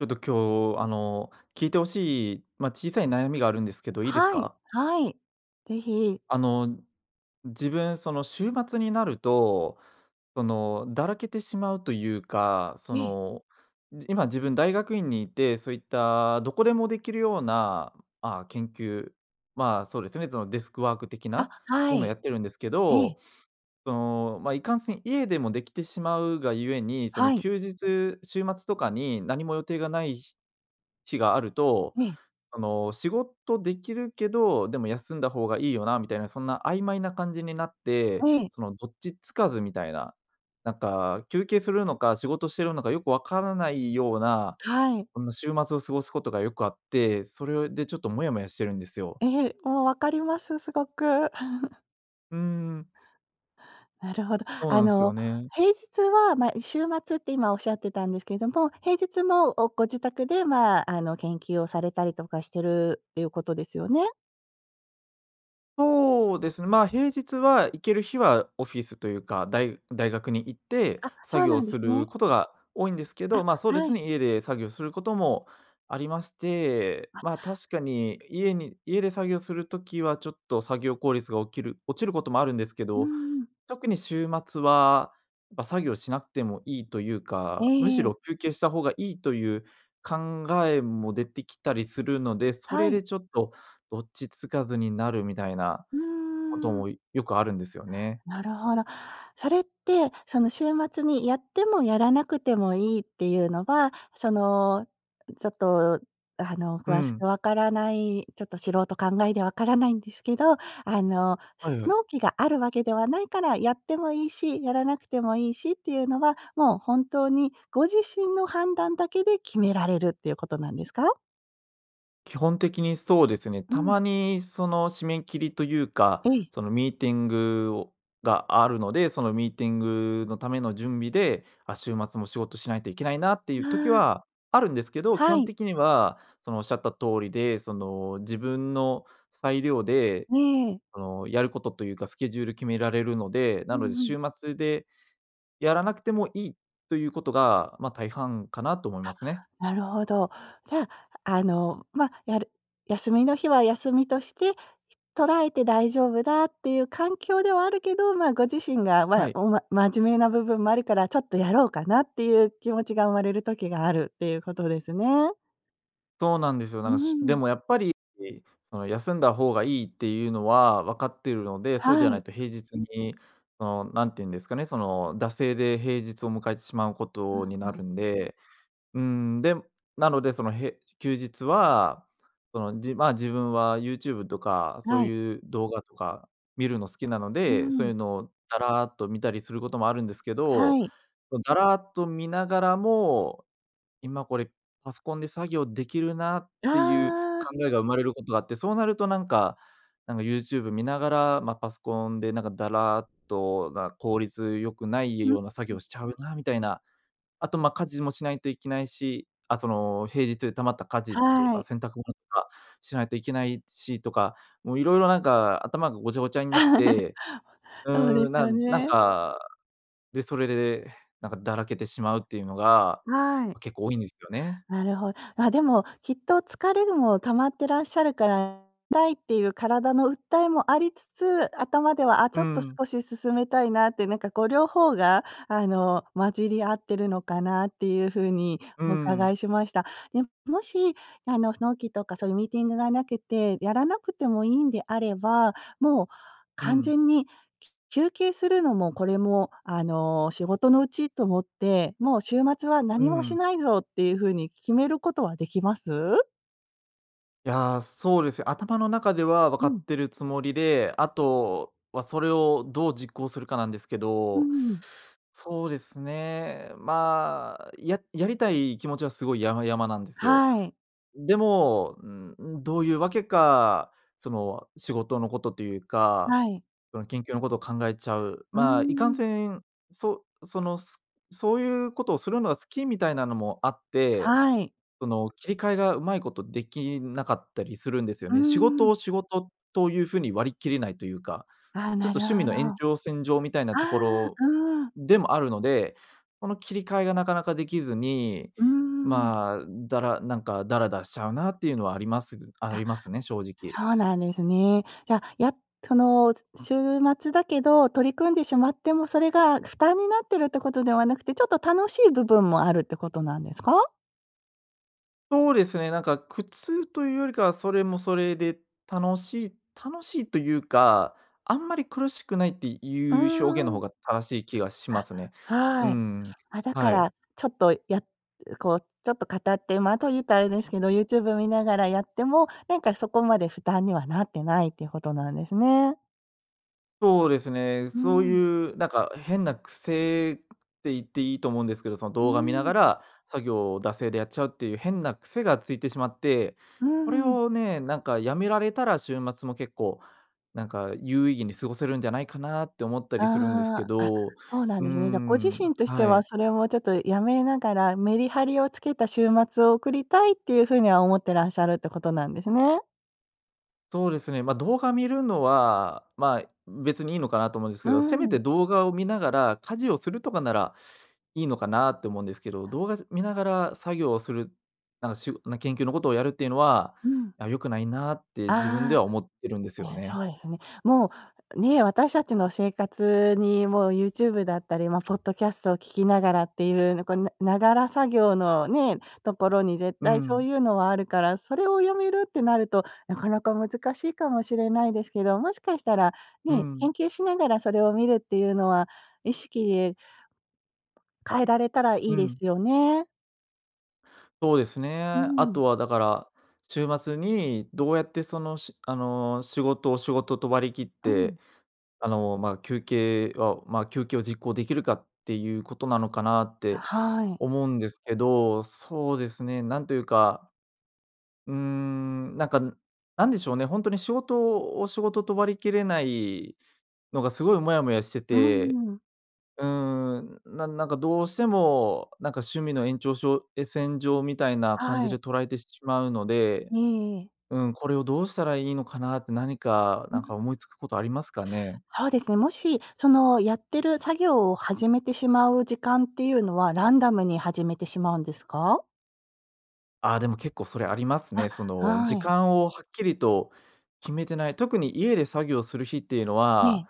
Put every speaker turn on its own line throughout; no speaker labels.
ちょっと、今日、あの聞いて欲しい、まあ、小さい悩みがあるんですけど、いいです
はい
か？
はい。是非。
あの自分、その週末になると、その、だらけてしまうと言うか、そ
ええ。
の、今、自分大学院にいて、そういったどこでも出来るような、ああ、研究、まあ、そうですね、そのデスクワーク的
あ、
な
は
ものや
い。
ってるんですけ
ええ。
ど、そのまあ、いかんせん、家でも出来てしまうがゆえに、その
はい。
休日、週末とかに、何も予定がない日日があると、
ええ。
あの、仕事出来るけど、でも休んだ方がいいよなみたいな、そんな曖昧な感じになって、
ええ。
その、どっち付かずみたいな、なんか休憩するのか、仕事してるのかよく分からないような、
はい。
この週末を過ごす事がよくあって、それよいで、ちょっとモヤモヤしてるんですよ。
ええ、もう分かります、凄く。
うーん。
なるほど。
そう
あ
なんすよ
の
ね。
平日は、まあ、週末って、今おっしゃってたんですけども、平日も、おご自宅で、まあ、あの研究をされたりとかしているということですよね？
そうですね、ま、平日は行ける日はオフィスというか、大大学に行って
あ、そ
作
う
業
なんで
す
す
る
ね。
ことが多いんですけ
あ、
ど、ま、そうで
は
す
い。
ね、家で作業することもありまして、
あ。
ま、確かに家に家で作業するときはちょっと作業効率がおきる落ちることもあるんですけ
うー
ど、
ん。
特に週末は、ま、作業しなくてもいいというか、むし
ええ。
ろ休憩した方がいいという考えも出てきたりするので、そ
は
れ
い。
でちょっとどっちつかずになるみたいな
う
こと
ーん。
もよくあるんですよね。
なるほど。それって、その週末にやってもやらなくてもいいっていうのは、その、ちょっと、あの、
う
詳しく
ん。
わからない、ちょっと素人考えでわからないんですけど、あの、す
はいはい。
納期があるわけではないからやってもいいし、やらなくてもいいしっていうのは、もう本当にご自身の判断だけで決められるっていうことなんですか？
基本的にそうですね。
う
た
ん。
まにその、締め切りというか、
ええ。
その、ミーティングをがあるので、そのミーティングのための準備で、あ、週末も仕事しないといけないなっていう
あ
時
あ。
はあるんですけど、基
は
本
い。
的には、そのおっしゃった通りで、その、自分の裁量で、
ええ。
その、やることというかスケジュール決められるので、
う
なので
んうん。
週末で、やらなくてもいいということが、ま、大半かなと思いま
あ、
すね。
なるほど。じゃあ、あの、ま、やる休みの日は休みとして、ひ捉えて大丈夫だっていう環境ではあるけど、ま、ご自身が、
は
ま、
い。
おま真面目な部分もあるからちょっとやろうかなっていう気持ちが生まれる時があるっていうことですね。
そうなんですよ。な
う
んか、
んう
し
んう
で
ん。
もやっぱりいその休んだ方がいいっていうのはわかっているので、そうじ
は
ゃな
い。
いと平日にそのなんてゆんですかね、その、惰性で平日を迎えてしまうこ
うん、
とに
う
なる
ん。
んで。うーん、でなのでそのへ休日は、その、じま、自分はユーチューブとかそ
は
う
い。
いう動画とか見るの好きなの
う
で、そういう
ん。
のをだらっと見たりすることもあるんですけど、
はい。
こう、だらっと見ながらも、今これ、パソコンで作業できるなっ
あ
ていう考
あ。
えが生まれることがあって、そうなるとなんかなんかユーチューブ見ながら、まあ、パソコンでなんかだらっとな効率良くない
ん、う
ような作
うん。
業しちゃうなみたいな。あと、ま、家事もしないといけないし、あその、平日で溜まった家事と
は
か
い。
洗濯物とかしないといけないしとか、もう色々なんか頭がごちゃごちゃになって、う
そうで
ーん、
す
な
よ
んなん
ね。
か、で、それでなんかだらけてしまうっていうのが
はい。
結構多いんですよね。
なるほ。までもきっと疲れるも溜まってらっしゃるからたいっていう体の訴えもありつつ、頭ではあち
う
ょっと
ん。
少し進めたいなってなんかこう両方があの、混じり合っているのかなっていうふうに
うん
お
う
伺
ん。
いしました。ね、もし、あの、納期とかそういうミーティングがなくて、やらなくてもいんであれば、もう
う
完
ん。
全にきゅ休憩するのもこれも、あの、仕事のうちと思って、もう週末は
う
何もし
ん。
ないぞっていうふうに決めることはできます？
いや、そうですよ。頭の中では分
う
かっ
ん。
てるつもりで、あとはそれをどう実行するかなんですけ
うー
ど、
ん。
そうですね、まあ、ややりたい気持ちはすごい山々なんですよ。
はい。
でも、うんうん、どういうわけか、その仕事のことというか、
はい。
その研究のことを考えちゃう。
うー
ま、いかん
ん。
せん、そそのそういうことをするのが好きみたいなのもあって、
はい。
その切り替えがうまいことできなかったりするんですよ
うー
ね。仕事を
ん。
仕事という風に割り切れないというか、
ああ、
ちょっ
な
と
るほ
趣味の
ど。
延
あ
長線上みたいなとこ
あ、
ろ
うーん。
でもあるので、この切り替えがなかなかできずに、
うーん。
まあ、だらなんかダラダラしちゃうなっていうのはあります、じあ
あ、
りますね、正直。
そうなんですね。いや、やっその週末だけど、取り組んでしまってもそれが負担になってるってことではなくて、ちょっと楽しい部分もあるってことなんですか？
そうですね、なんか苦痛というよりかは、それもそれで楽しい楽しいというか、あんまり苦しくないって
うー
いう表現の方
ん。
が正しい気がしま
あ、
すね。う
はい。
ん、
あ、だか
はい。
らちょっとやこうちょっと語ってまた言うたらあれですけど、ユーチューブを見ながらやっても、なんかそこまで負担にはなってないっていうことなんですね。
そうですね、
うー
そう
ん。
いうなんか変な癖って言っていいと思うんですけど、その
うー
動画見なが
ん。
ら作業を惰性でやっちゃうっていう変な癖がついてしまって、
うー
これ
ん。
をね、なんか辞められたら週末も結構、なんか有意義に過ごせるんじゃないかなって思ったりするんですけ
ああ、あ、
ど、う
そうなん
ー
ですね。じゃあご自
ん、
身として
は
は
い。
それもちょっとやめながらメリハリをつけた週末を送りたいっていうふうには思ってらっしゃるってことなんですね。
そうですね、ま、動画見るのは、まあ、別にいいのかなと思うんです
うー
けど、せめ
ん。
て動画を見ながら家事をするとかなら、いいのかなって思うんですけど、動画見ながら作業をする、なんかしゅ研究のことをやるっていうのは、
うん。
あ、良くないなって自分で
あ
は思ってるんです
あ、
よ
え、そ
ね。
うですね。もうね、私たちの生活にもう YouTube だったり、ま、ポッドキャストを聴きながらっていうのこう、ながら作業のね、ところに絶
う
対そう
ん。
いうのはあるから、それを辞めるってなるとなかなか難しいかもしれないですけど、もしかしたら
う
ね、
ん。
研究しながらそれを見るっていうのは意識で変えられたらい
う
いで
ん。
すよね。
そうです
う
ね。あ
ん。
とはだから、週末にどうやって、その、しあの、仕事を仕事と割り切っ
うん。
て、あの、ま、休憩をまあ、休憩を実行出来るかっていう事なのかなっ
あ、
て
はい。
思うんですけど、そうですね、なんと言うか、うーん、なんか、なんでしょうね、ほんとに仕事を仕事と割りきれないのが、凄いいモヤモヤして
うん
て、
うんうん。
うーん、なんなんかどうしても、なんか趣味の延長しょうえ、線上みたいな感じ
は
で
い。
捉えてしまうので。
ねえ、ええ。
うん、これをどうしたらいいのかなって。なにか、
う
なんか
ん。
思い付く事ありますかね？
そうですね。もし、その、やってる作業を始めてしまう時間っていうのは、ランダムに始めてしまうんですか？
ああ、でも、結構それありますね。
あ、
その、
は
時
い。
間をはっきりと決めてない、特に家で作業する日っていうの
ええ。
は、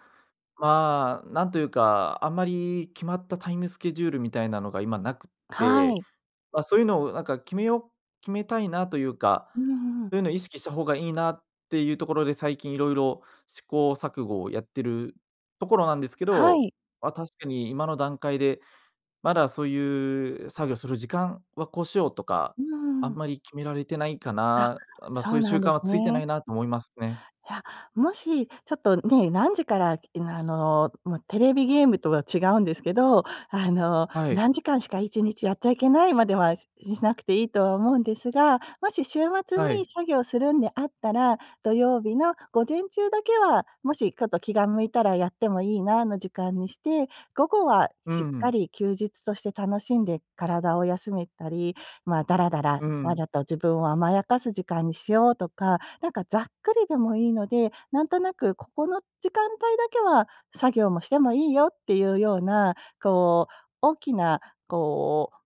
まあ、なんと言うか、あんまり決まったタイムスケジュールみたいなのが今なくっ
は
て、
い。
まあ、そういうのをなんか決めよう、決めたいなというか、
うんうん。
そういうのを意識した方がいいなっていうところで、最近色々試行錯誤をやってるところなんですけ
は
ど、
い。
まあ、確かに今の段階で、まだそういう、作業する時間はこうしようとか
う
あ
んう
ん
ん。
まり決められてないか
あ、
な、まあ、
そ
そう
う
いう習
なん
慣
で
は
す
付いて
ね。
ないなと思いますね。
いや、もし、ちょっとね、何時からうん、あの、まあ、テレビゲームとは違うんですけど、あの、
はい。
何時間しか1日やっちゃいけないまでは、ししなくていいとは思うんですが、もし週末
は
に
い。
作業するんであったら、土曜日の午前中だけは、もし、ちょっと気が向いたらやってもいいな、の時間にして、午後は
う
しっ
んう
か
ん。
り休日として楽しんで体を休めたり、まあ、だらだら、
う
わ
ん。
ざと自分を甘やかす時間にしようとか、なんか、ざっくりでもいいので、なんとなく、ここの時間帯だけは作業もしてもいいよっていうような、こう、大きな、こう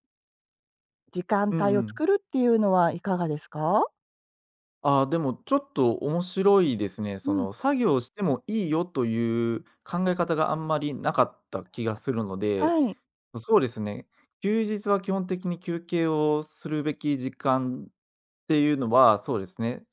時間
うんう
帯を
ん。
作るっていうのはいかがですか？
あ、でも、ちょっと面白いですね。
う
そ
ん。
の、作業してもいいよという考え方が、あんまりなかった気がするので。
はい。
そうですね、休日は基本的に、休憩をするべき時間っていうのは、そうですね、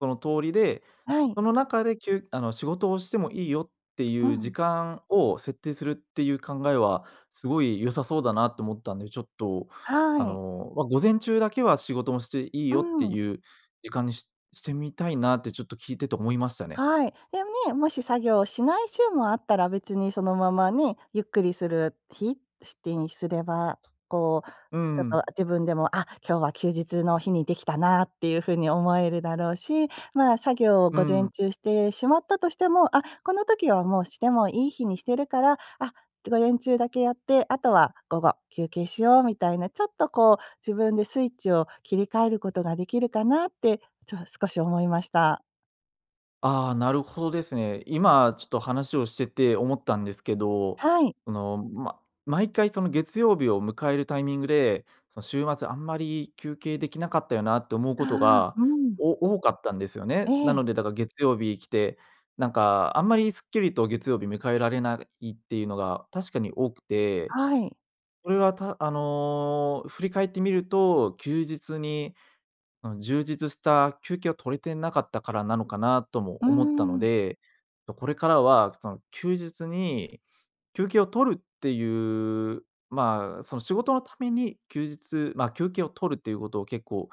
その通りで、
はい。
その中できゅあの、仕事をしてもいいよって
う
いう時
ん。
間を設定するっていう考えは、すごい良さそうだなと思ったんで。ちょっと、
は
あ
い。
の、ま、午前中だけは仕事もしていい
う
よって
ん。
いう時間にししてみたいな、ってちょっと聞いてて思いましたね。
はい。で、ね、もし作業をしない週もあったら、別にそのままね、ゆっくりする日してにすれば、こう、
うー
ちょっと
ん。
自分でも、あ、今日は休日の日にできたなっていう風に思えるだろうし。まあ、作業を
う
午
ー
前
ん。
中してしまったとしても、あ、この時はもうしてもいい日にしてるから、あ、午前中だけやって、あとは午後休憩しよう、みたいな、ちょっとこう、自分でスイッチを切り替えることができるかなって、ちょっ少し思いました。
ああ、なるほどですね。今ちょっと話をしてて思ったんですけど、
はい。
その、ま毎回、その、月曜日を迎えるタイミングで、その、週末あんまり休憩できなかったよなって思うこと
ああ、
が、
うん。
お多かったんですよね。な
え。
のでだから月曜日来て、なんか、あんまりすっきりと月曜日迎えられないっていうのが確かに多くて、
はい。
これは、たあの、振り返ってみると、休日に、うん、充実した休憩を取れてなかったからなのかなとも
うー
思ったの
ん。
で、と、これからは、その、休日に休憩を取るっていう、ま、その、仕事のために休日ま、休憩を取るっていうことを結構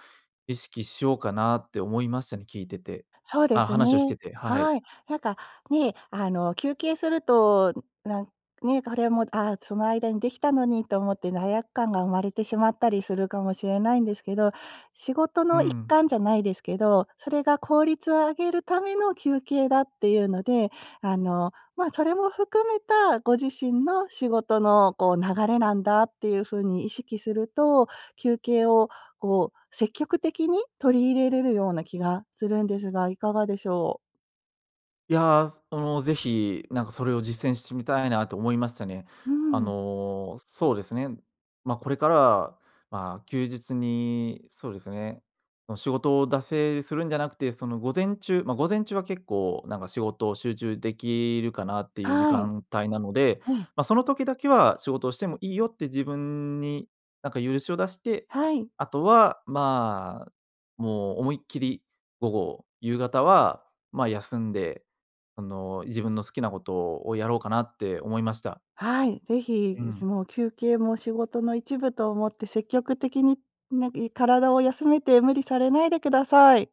意識しようかなって思いましたね、聞いてて。
そうで
あ、
す
話をして
ね。
て、はい。
はい。なんか、ね、あの、休憩すると、なんね、これはもう、あ、その間にできたのにと思って罪悪感が生まれてしまったりするかもしれないんですけど、仕事
うー
の一
ん。
環じゃないですけど、それが効率を上げるための休憩だっていうので、あの、ま、それも含めたご自身の仕事の、こう、流れなんだっていうふうに意識すると、休憩を、こう、積極的に取り入れれるような気がするんですが、いかがでしょう。
いや、すもう、ぜひ、なんか、それを実践してみたいなと思いましたね。
うー
あ
ん。
の、そうですね、ま、これからは、ま、休日に、そうですね、ま、仕事を惰性でするんじゃなくて、その、午前中ま、午前中は結構、なんか、仕事を集中できるかなっていう時
はい。
間帯なので、
え。
ま、その時だけは仕事をしてもいいよって自分に、なんか、許しを出して、
はい。
あとは、ま、もう思いっきり午後、夕方は、ま、休んで、あの、自分の好きなことをやろうかなって思いました。
はい、ぜ
う
ひ、ん
ん。
もう休憩も仕事の一部と思って積極的に、なんかい体を休めて無理されないでください。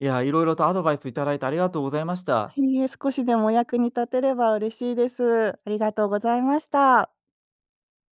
いや、いろいろとアドバイスいただいてありがとうございました。
いいえ、少しでもお役に立てれば嬉しいです。ありがとうございまた。